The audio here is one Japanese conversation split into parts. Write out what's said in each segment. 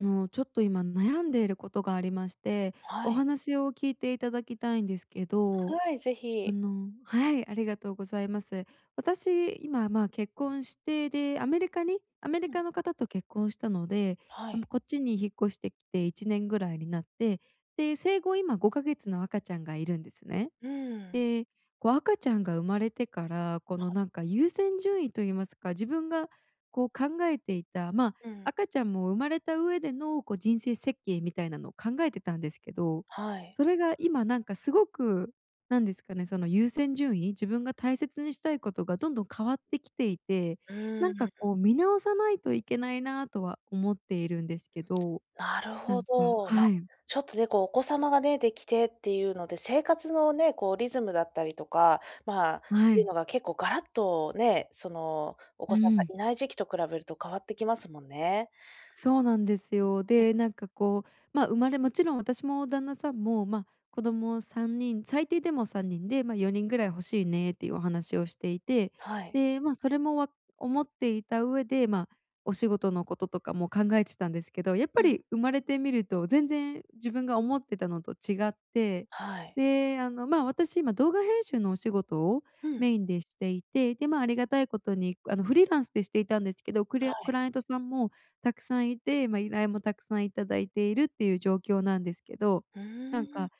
あの、ちょっと今悩んでいることがありまして、はおい。話を聞いていただきたいんですけど、はい、ぜあひ。のはい、ありがとうございます。私、今まあ、結婚して、で、アメリカにアメリうカん。の方と結婚したので、はあ、も、い。こっちに引っ越してきて1年ぐらいになって、で、生後、今5か月の赤ちゃんがいるんですね。うーん。で、こう赤ちゃんが生まれてから、このなんか優先順位と言いますか、自分がこう考えていたまあ、うん。赤ちゃんも生まれた上でのこう人生設計みたいなのを考えてたんですけど、はい。それが今なんかすごく、なんですかね、その優先順位？自分が大切にしたいことがどんどん変わってきていて、うなーんかこん。う見直さないといけないなとは思っているんですけど、なるなほんかど。ま、はい。ちょっとね、こうお子様がねできてっていうので、生活のね、こうリズムだったりとか、まあっはていうい。のが結構ガラッとね、そのおう子さんがん。いない時期と比べると変わってきますもんね。そうなんですよ。で、なんかこう、ま、生まれもちろん私も旦那さんも、ま、子供3人、最低でも3人で、まあ、4人ぐらい欲しいねっていうお話をしていて、はい。で、まあ、それもわ思っていた上で、まあ、お仕事のこととかも考えてたんですけど、やっうぱん。り生まれてみると全然自分が思ってたのと違って、はい。で、あの、まあ、私、今動画編集のお仕事をうん。メインでしていて、で、まあ、ありがたいことにあの、フリーランスでしていたんですけど、クレアはクい。ライアントさんもたくさんいて、ま、依頼もたくさんいただいているっていう状況なんですけど、うーなんん。か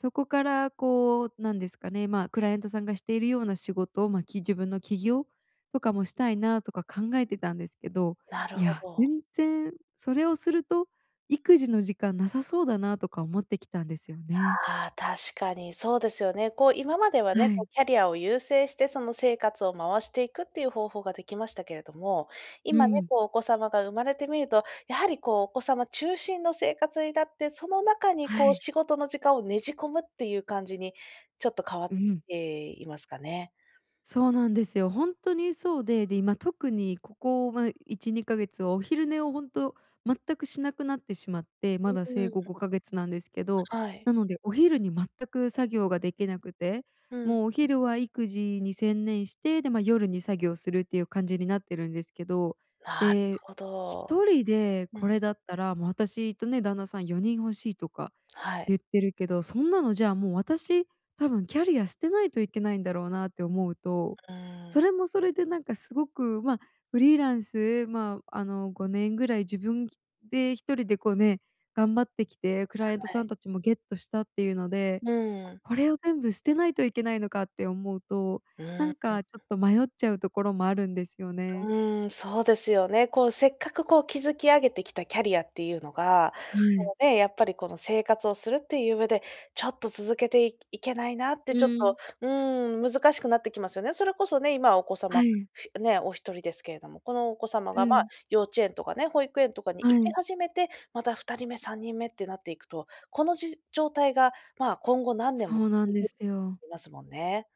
そこからこう、なんですかね、まあ、クライアントさんがしているような仕事、まあ、き自分の起業とかもしたいなとか考えてたんですけど、なるいほやど。全然それをすると育児の時間なさそうだなとか思ってきたんですよね。ああ、確かにそうですよね。こう、今まではね、はこい。う、キャリアを優先してその、生活を回していくっていう方法ができましたけれども、う今ね、ん。こう、お子様が生まれてみると、やはりこう、お子様中心の生活になって、その中にはこう、い。仕事の時間をねじ込むっていう感じにちょっと変わっうん。ていますかね。そうなんですよ、ほんとにそうで、で、今、特にここは1、2か月は、お昼寝をほんと全くしなくなってしまってまうだー生後ん。5か月なんですけど、はい。なのでお昼に全く作業ができなくて、うん。もうお昼は育児に専念して、で、ま、夜に作業するっていう感じになってるんですけど、なで、ほひど。とりでうこん。れだったらも私とね旦那さん、4人欲しいとかはゆい。ってるけど、そんなの、じゃあもう、私、多分キャリア捨てないといけないんだろうなって思うと、うーそん。れもそれでなんかすごくま、フリーランスまあ、あの5年ぐらい自分で1人でこうね、頑張ってきてクライアントはさんい。たちもゲットしたっていうので、うん「こうん。これを全部捨てないといけないのか？」って思うと、うなーん、んう。かちょっと迷っちゃうところもあるんですよね。うーん、そうですよね。こう、せっかくこう、築き上げてきたキャリアっていうのが、はそい。のね、やっぱりこの生活をするっていう上で、ちょっと続けていいけないなってうちょっと、ん。うーん、難しくなってきますよね。それこそね、今はお子は様い。ね、お1人ですけれども、このお子様うが、ま、ん。幼稚園とかね保育園とかに行はきい。始めて、また2人目、3人目ってなっていくと、このじ状態がまあ、今後何年そもうなん続でくすよ。ますもんね。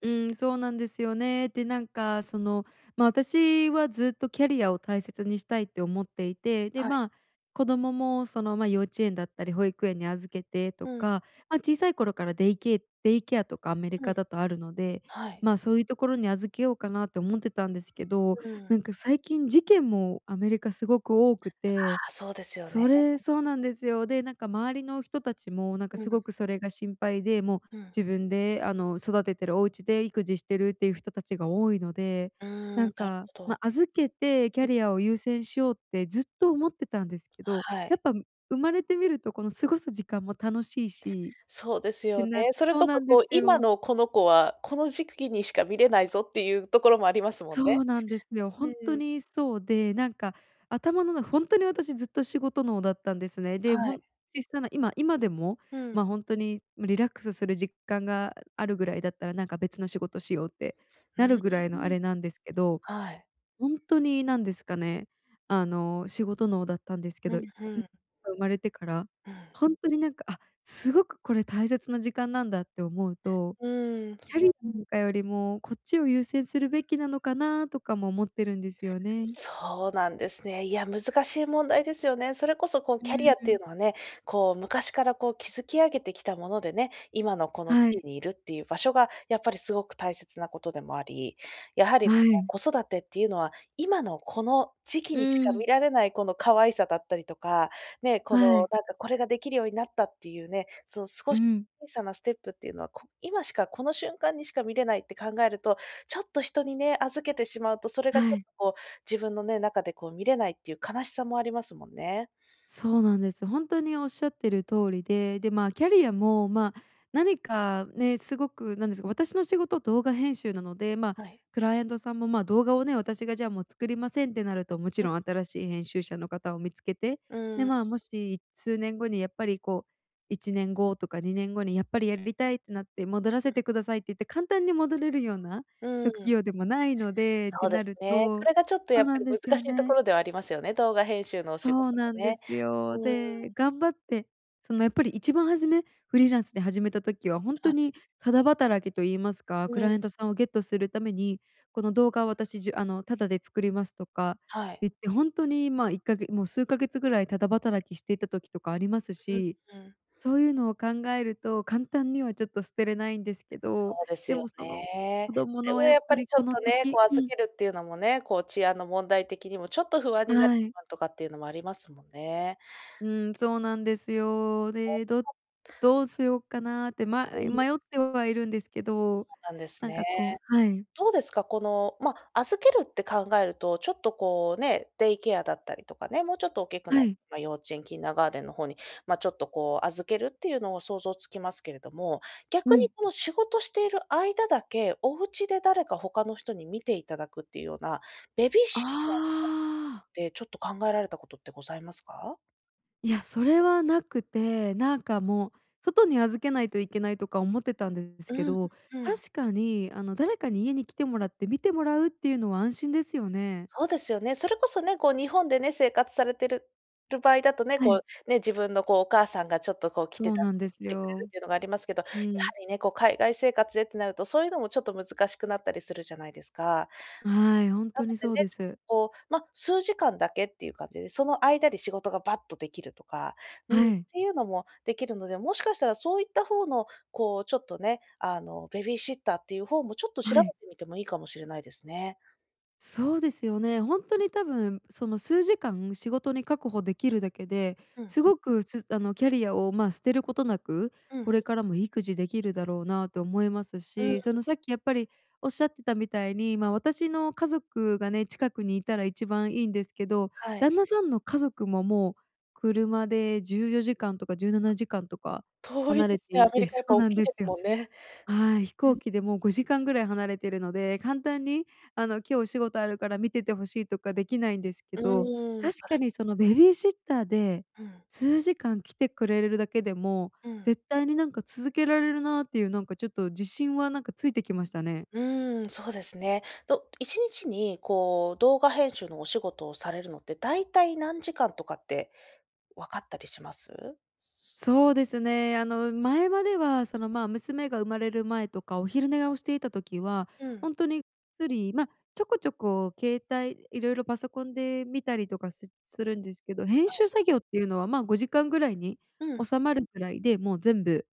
うーん、そうなんですよね、で、なんかその、ま、私はずっとキャリアを大切にしたいって思っていて、で、はい。まあ、子供もその、ま、幼稚園だったり保育園に預けてとうん。か、ま、小さい頃からデイケデイケアとかアメリうカん。だとあるので、はい。まあ、そういうところに預けようかなと思ってたんですけど、うん。なんか最近事件も、アメリカすごく多くあて、あ、そうですよね。それそうなんですよ。で、なんか周りの人たちもなんかうすん。ごくそれが心配で、もううん。自分で、あの、育ててるおうちで育児してるっていう人たちが多いので、うーん、なんなるか、ほま、ど。預けてキャリアを優先しようってずっと思ってたんですけど、はやい。っぱむ生まれてみるとこの過ごす時間も楽しいしそうですってよなね、それそうこなそんでこすう、「今よ。のこの子は、この時期にしか見れないぞ」っていうところもありますもんそね。うなんですよ。ほうんとん。にそうで、なんか頭のなほんとに私ずっと仕事脳だったんですね。で、はほい。んきしたら今今でもうまん。あ、ほんとに、ま、リラックスする時間があるぐらいだったらなんか別の仕事しようってうなーるぐらいのあん。れなんですけど、はい。ほんとになんですかね、あの、仕事脳だったんですけふど、ん、ふこん。が生まれてからうん。ほんとになんか、「あ、すごくこれ大切な時間なんだ」って思うと、うーん、「キャそリなんかよりもこっちを優先するべきなのかな？」とかも思ってるんですよね。そうなんですね、いや、難しい問題ですよね。それこそこう、うキャリーアっていん。うのはね、こう昔からこう、築き上げてきたものでね、今のこの地はい。位にいるっていう、場所がやっぱりすごく大切なことでもありやはりこはい。の子育てっていうのは今のこの時期にしうか見ん。られないこの可愛いさだったりとか、ね、こはのい。なんか、これができるようになったっていうね、その少うし、ん。ちいさなステップっていうのは、こ今しかこの瞬間にしか見れないって考えると、ちょっと人にね、預けてしまうとそれがちはょっとい。こう、自分のね、中でこう見れないっていう悲しさもありますもんね。そうなんです。ほんとにおっしゃってる通りで、で、まあ、キャリアもまあ、なにかねすごくなんですか、私の仕事、動画編集なので、ま、はい。クライアントさんもまあ、動画をね私が、じゃあ、「もう作りません」ってなると、もちろん新しい編集者の方を見つけて、うで、ーん。まあ、もし数年後にやっぱりこう1年後とか2年後に、「やっぱりやりたい」ってなって、「戻らうん。せてください」って言って簡単に戻れるようなうん。職業でもないので、っそてうでなするね。そとれがちょっとやそうっぱなんりです難しよいとこね。ろではありますよね、動画編集のお仕事そうもなんでね、すよ。うーで、ん。頑張ってそのやっぱり一番初め、フリーランスで始めた時はほんとあ。にタダ働きと言いますか、うクん。ライアントさんをゲットするために、「この動画を、私じあの、タダで作ります」とかはい。言って、ほんとにまあ、いっかげもう数ヶ月ぐらいタダ働きしていた時とかありますう、し、うん。そういうのを考えると簡単にはちょっと捨てれないんですけそど、うですでよもそのね。子供でのもやっやっぱぱりりちょこっのとね、こ時う、う預ん。けるっていうのもね、こう、治安の問題的にもちょっと不安になるはい。とかっていうのもありますもんね。うん、そうなんですよ。で、ど どうしようかなってまうん。迷ってはいるんですけど、そうなんですなんね。かこうはい。どうですか、この、ま、預けるって考えると、ちょっとこうね、デイケアだったりとかね、もうちょっと大きくなはっい。幼稚園、キンダーガーテンの方に、ま、ちょっとこう預けるっていうのを想像つきますけれども、う逆にん。この仕事している間だけ、おうちで誰か他の人に見ていただくっていうような、ベビーあシッターさんっあ。て、ちょっと考えられたことってございますか？いや、それはなくて。なんかもう、外に預けないといけない、とか思ってたんですけうんど。うん。確かに、あの誰かに家に来てもらって、見てもらうっていうのは、安心ですよね。そうですよね。それこそね、こう日本でね、生活されてるる場合だとね、はこい。う、ね、自分のこうお母さんが、ちょっとこう来て、そうな助んけでにす来てくれるっよ。ていうのがありますけど。やはうん。りね、こう海外生活でってなると、そういうのもちょっと、難しくなったりするじゃないですか。はい、ほんなとのにでそね、うでちょっとす。こう、ま、数時間だけっていう感じで、その間で仕事がばっとできるとか、うん。はい。ていうのもできるので、もしかしたらそういった方の、こう、ちょっとね、あの、ベビーシッターっていう方も、ちょっと調はべい。てみてもいいかもしれないですね。そうですよね。ほんとん。に多分、その数時間、仕事に確保できるだけで、うんすうん。ごくすあのキャリアを、まあ、捨てることなく、うん。これからも育児できるだろうなと思いますうん。し。そのさっきやっぱり、おっしゃってたみたいに、まあ、私の家族がね、近くにいたら一番いいんですけど。はい。旦那さんの家族も、もう車で14時間とかじゅうなわ、なじかんとか遠い離でれすてね。アいメリてカそやっうぱ、大なんきいですですよ。もんね。はい。飛う行ん。機でも5時間ぐらい離れてるので、簡単に、あの今日お仕事あるから、見てて欲しいとかできないんですけうど。ーん。確そかれでにすそそれの、です。ベビーシッターで、うん。数時間来てくれるだけでも、うん。絶対になんか続けられるなっていう、なんかちょっと自信はなんかついてきましたね。うーん、そうですね。ど1日にこう、動画編集のお仕事をされるのって、だいたい何時間とかって分かったりします？そうですね。あの前までは、その、まあ、娘が生まれる前とか、お昼寝はい。をしていた時は、うん。ほんとにゆっくり、まあ、ちょこちょこ携帯色々パソコンで見たりとかすするんですけど。は編い。集作業っていうのは、まあ、5時間ぐらいにうん、はい。収まるぐらいで、もう全部、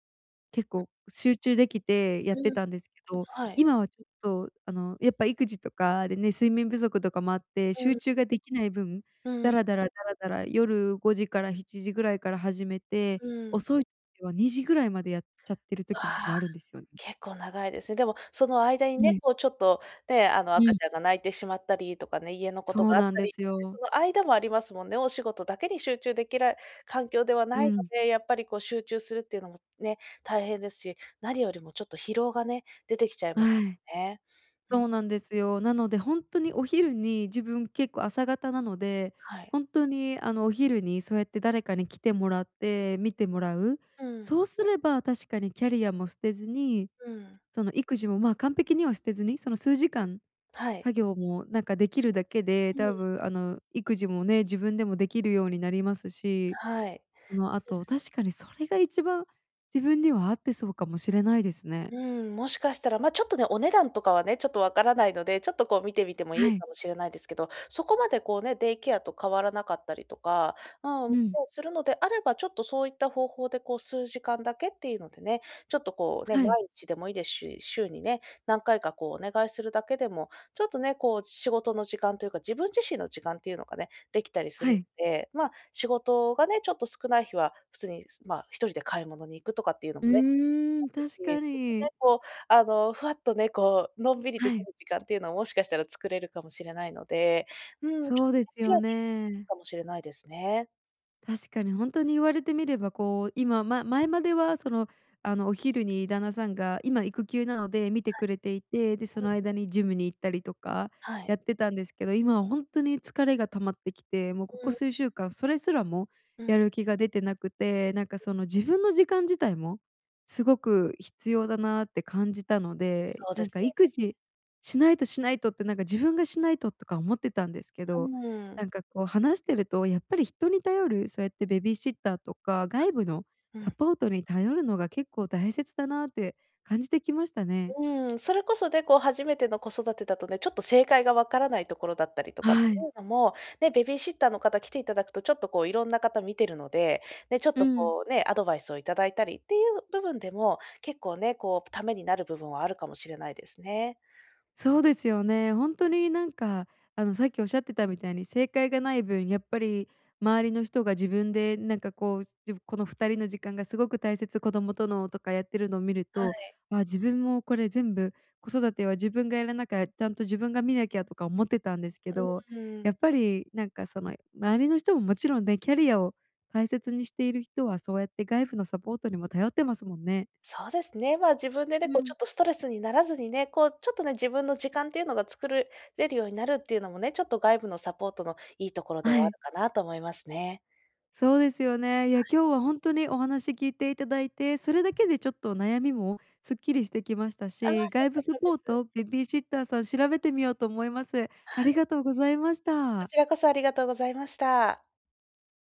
結うん。構集中できて、やってうん。たんですけど。はい。今はちょっとあの、やっぱ育児とかでね、睡眠不足とかもあって、うん。集中ができない分、うダん。ラダラ、ダラダラ夜5時から7時ぐらいから始めて、うん。遅い時は2時 ぐらいまで、やっちゃってるう時もわ。あるんですよね。結構長いですね。でもその間にえね、え。こうちょっとね、あのう赤ん。ちゃんが、泣いてしまったりとかね、家のことそうがあっなんたでり、すでね、そよ。の間もありますもんね。お仕事だけに集中できる環境ではなういのん。で、やっぱりこう、集中するっていうのもね、大変ですし。何よりもちょっと疲労がね、出てきちゃいますはい。ね。うん。そうなんですよ。なのでほんとに、お昼に自分、結構朝型なので、はい。本当にあのお昼に、そうやって誰かに来てもらって、見てもらう。うん。そうすれば、確かにキャリアも捨てずに、うん。その育児も、まあ、完璧には捨てずに、その数時間うん、はい。作業も、なんかできるだけで、うん。多分あの育児もね、自分でもできるようになりますし、はい、そのあそうでと。すよ確かね。に、それが一番自分には、合ってそうかもしれないですね。うん、もしかしたら、ま、ちょっとね、お値段とかはね、ちょっとわからないので、ちょっとこう、見てみてもいはいい。かもしれないですけど。そこまでこうね、デイケアと変わらなかったりとか、うん、もうん。うするのであれば、ちょっとそういった方法で、こう数時間だけっていうのでね。ちょっとこうね、はい。毎日でもいいですし、週にね、何回かこう、お願いするだけでも、ちょっとね、こう仕事の時間というか、自分自身の時間っていうのがね、できたりすはるのい。で。まあ、仕事がね、ちょっと少ない日は、普通に、まあ、1人で買い物に行くとかっていうのうもね、ーまん、すし、確かちょっとね、に。こうあのふわっとね、こうのんびりではきい。る時間っていうのを、もしかしたら作れるかもしれないので。うーん。ちょそうっとねです視野よにね。かもしれないですね。確かに、ほんとに言われてみればこう、今ま前まではその、あの、お昼に旦那さんが、今育休なので見てはくれていて、で、そい、うのん。間にジムに行ったりとかはやい。ってたんですけど、今はほんとに疲れが溜まってきて、もうこうこん。数週間それすらもうやん。る気が出てなくて、なんかその、自分の時間自体もすごく必要だなって感じたので、そうでなんすかよ「育ね。児しないと、しないと」って、なんか「自分がしないと」とか思ってたんですけうど、ん。なんかこう話してると、やっぱり人に頼る、そうやってベビーシッターとか外部のはい。うサん。ポートに頼るのが結構大切だなって感じてきましたね。うん、それこそね、こう初めての子育てだとね、ちょっと正解が分からないところだったりとかっはていい。うのも、ね、ベビーシッターの方来ていただくと、ちょっとこう色んな方見てるので、ね、ちょっうとん。こうね、アドバイスを頂いたりっていう部分でも、結構ね、こう、ためになる部分はあるかもしれないですね。そうですよね。ほんとになんか、あの、さっき仰ってたみたいに正解が無い分、やっぱり、周りの人が自分で、なんかこう、じゅこの二人の時間がすごく大切、子供との、とかやってるの見るはとい。「あ、自分も、これ全部子育ては自分がやらなか、ちゃんと自分が見なきゃ」とか思ってたんですけうん、ど、ふーん。やっぱりなんかその、周りの人ももちろんね、キャリアを大切にしている人はそうやって外部のサポートにも頼ってますもんね。そうですね。ま、自分でね、うこうちょん。っとストレスにならずにね、こうちょっとね、自分の時間っていうのが作るれるようになるっていうのもね、ちょっと外部のサポートのいいところでははあい。るかなと思いますね。そうですよね。いはや、い。今日はほんとにお話聞いていただいて、それだけでちょっと悩みもすっきりしてきましたああ、し、良外か部っサたでポーす。ト、ベビーシッターさん調べてみようと思います。あはい。りがとうございましこた。ちらこそありがとうございました。